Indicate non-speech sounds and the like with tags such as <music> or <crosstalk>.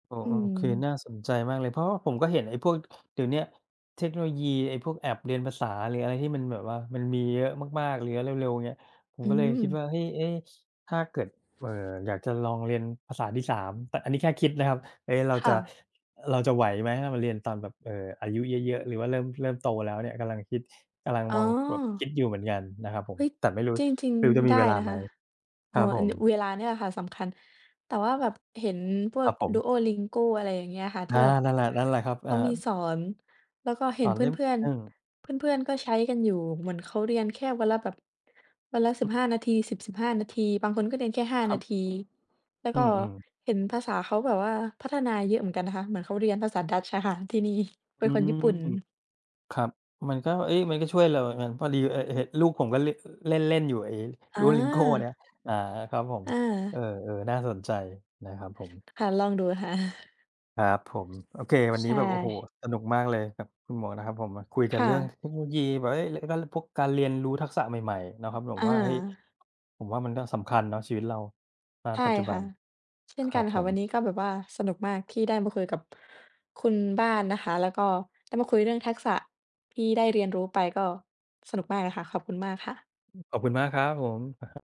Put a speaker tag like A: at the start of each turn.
A: โอ้!
B: อื
A: คือ
B: ม
A: น่าสนใจมากเลย เพราะว่าผมก็เห็นไอ้พวก เดี๋ยวเนี้ยเทคโนโลยีไอ้พวกแอปเรียนภาษา หรืออะไรที่มันแบบว่ามันมีเยอะมาก ๆ หรือเร็ว ๆ เนี่ย ผม
B: อื
A: ก็เลยคิดว
B: ม
A: ่า เฮ้ย เอ๊ ถ้าเกิด เอ่อ อยากจะลองเรียนภาษาที่ 3 แต่อันนี้แค่คิดนะครับ เอ๊ เรา
B: ค่
A: จะ
B: ะ
A: เราจะไหวไหม? ถ้าเรามาเรียนตอนแบบ เอ่อ อายุเยอะ ๆ หรือว่าเริ่ม เริ่มโตแล้วเนี่ย กำลังคิด กำลัง
B: อ๋
A: มองแบบค
B: อ
A: ิดอยู่เหมือนกันนะครับผ
B: เฮ
A: ม
B: ้ย
A: แต่ไม่รู้
B: จริง
A: ไม่รู้จะ
B: ๆ ได
A: มีเ
B: ้
A: วลา
B: นะ
A: ไห
B: ค
A: ม?
B: ะ อ
A: ค
B: ๋อ
A: รับผ
B: อ
A: ม
B: เวลาเนี่ยล่ะค่ะสำคัญ แต่ว่าแบบเห็นพว
A: คร
B: ก
A: ับผม
B: duolingo อะไรอย่างเงี้ยค่ะ ท
A: อ
B: ี่
A: า
B: แบบ
A: นั่นแหละ นั่นแหละครับ
B: เข
A: อ่
B: า
A: า
B: มีสอน แล้วก็เห
A: ต
B: ็
A: ่
B: น
A: อ
B: เพ
A: เล่ม
B: ื่อน
A: หนึ่ง
B: ๆ เพื่อน ๆ ก็ใช้กันอยู่ เหมือนเขาเรียนแค่วันละแบบวันละ 15 นาที 10-15 นาที บางคนก็เรียนแค่ 5
A: คร
B: น
A: ั
B: า
A: บ
B: ที แล้ว
A: อ
B: ก
A: ื
B: ็
A: ม ๆ
B: เห็นภาษาเขาแบบว่าพัฒนาเยอะเหมือนกันนะคะ เหมือนเขาเรียนภาษาดัตช์อะค่ะที่นี่
A: อ
B: เป็
A: ื
B: นคนญี่ป
A: ม
B: ุ่น
A: ครับ มันก็ เอ๊ มันก็ช่วยเรา <unintelligible> พอดี เอ่อ ห ลูกผมก็เละ เล่น ๆ อยู่ไอ้
B: อ
A: duolingo เนี่ย
B: า
A: อา ครับผม
B: อ
A: เอ
B: า
A: อ ๆ น่าสนใจนะครับผม
B: ค่ะ ลองดู ค่ะ
A: ครับผม โอเค วัน
B: ใ
A: น
B: ช
A: ี้แบบ โอ้โฮ!
B: ่
A: สนุกมากเลยครับคุณหมวกนะครับผม มาคุยกั
B: ค
A: น
B: ่
A: เรื่องเ
B: ะ
A: ทคโนโลยี <unintelligible> พวกการเรียนรู้ทักษะใหม่ ๆ นะครับ ผ
B: อ
A: ม
B: า
A: ว่า เฮ้ย ผมว่า มันก็สำคัญเนาะ ชีวิตเรา ณ
B: ใช่
A: ปัจจุ
B: ค
A: บั
B: ่ะ
A: น
B: เช่
A: ค
B: น
A: ร
B: กั
A: ั
B: น
A: บผ
B: ค่ะ วัน
A: ม
B: นี้ก็แบบว่าสนุกมากที่ได้มาคุยกับคุณบ้านนะคะ แล้วก็ได้มาคุยเรื่องทักษะที่ได้เรียนรู้ไปก็สนุกมากเลยค่ะ ขอบคุณมากค่ะ
A: ขอบคุณมากครับผม อะฮะ